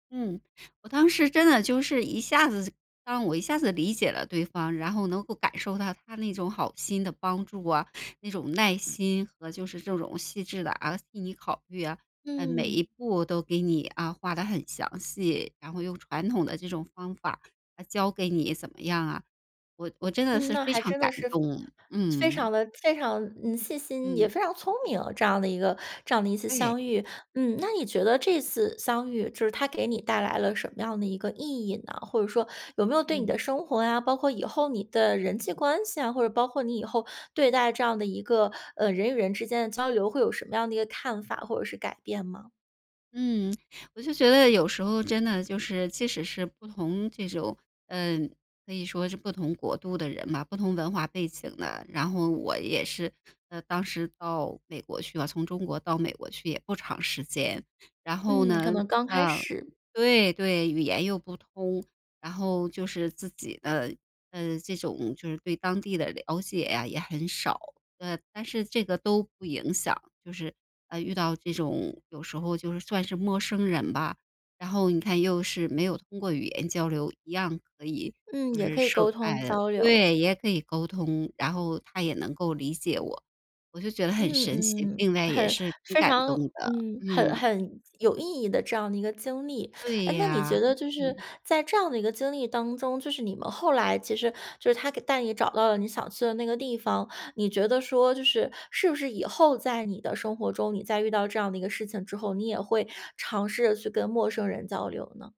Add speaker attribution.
Speaker 1: 嗯，我当时真的就是一下子让我一下子理解了对方，然后能够感受到他那种好心的帮助啊，那种耐心和就是这种细致地，啊，替你考虑啊，嗯，每
Speaker 2: 嗯。
Speaker 1: 一步都给你啊，画得很详细，然后用传统的这种方法，来教给你怎么样啊。我我真的
Speaker 2: 嗯，
Speaker 1: 是
Speaker 2: 那
Speaker 1: 非
Speaker 2: 还
Speaker 1: 常
Speaker 2: 真
Speaker 1: 感
Speaker 2: 的是非
Speaker 1: 动，
Speaker 2: 非常
Speaker 1: 嗯。
Speaker 2: 地非常嗯，细心，也
Speaker 1: 嗯。
Speaker 2: 非常聪明，这样的一个这样的一次
Speaker 1: 对。
Speaker 2: 相遇。嗯，那你觉得这次相遇，就是它给你带来了什么样的一个意义呢？或者说有没有对你
Speaker 1: 嗯。
Speaker 2: 的生活呀，包括以后你的人际关系啊，或者包括你以后对待这样的一个呃人与人之间的交流，会有什么样的一个看法或者是改变吗？
Speaker 1: 嗯，我就觉得有时候真的就是，即使是不同这种，嗯，可以说是不同国度的人嘛，不同文化背景的，然后我也是，呃，当时到美国去了，从中国到美国去也不长时间。然后
Speaker 2: 嗯，可
Speaker 1: 呢，
Speaker 2: 能刚开
Speaker 1: 嗯，
Speaker 2: 始。
Speaker 1: 对对，语言又不通，然后就是，自己的呃，这种就是对当地的了解呀，也很少，呃但是这个都不影响。就是，呃遇到这种有时候就是算是陌生人吧，然后你看又是没有通过语言交流一样可以
Speaker 2: 嗯，
Speaker 1: 就
Speaker 2: 也
Speaker 1: 是
Speaker 2: 可以
Speaker 1: 受，
Speaker 2: 沟通
Speaker 1: 哎，
Speaker 2: 交流。
Speaker 1: 对，也可以沟通，然后他也能够理解我。我就觉得很
Speaker 2: 嗯
Speaker 1: 神奇，
Speaker 2: 嗯，
Speaker 1: 另外也
Speaker 2: 很
Speaker 1: 是挺
Speaker 2: 非
Speaker 1: 感
Speaker 2: 常
Speaker 1: 动的，
Speaker 2: 嗯，很
Speaker 1: 嗯。
Speaker 2: 很有意义的这样的一个经历。
Speaker 1: 对
Speaker 2: 诶，那你觉
Speaker 1: 呀，
Speaker 2: 得就是，
Speaker 1: 嗯。
Speaker 2: 在这样的一个经历当中，就是你们后来其实就是他带你找到了你想去的那个地方，你觉得说就是是不是以后在你的生活中，你再遇到这样的一个事情之后，你也会尝试着去跟陌生人交流呢？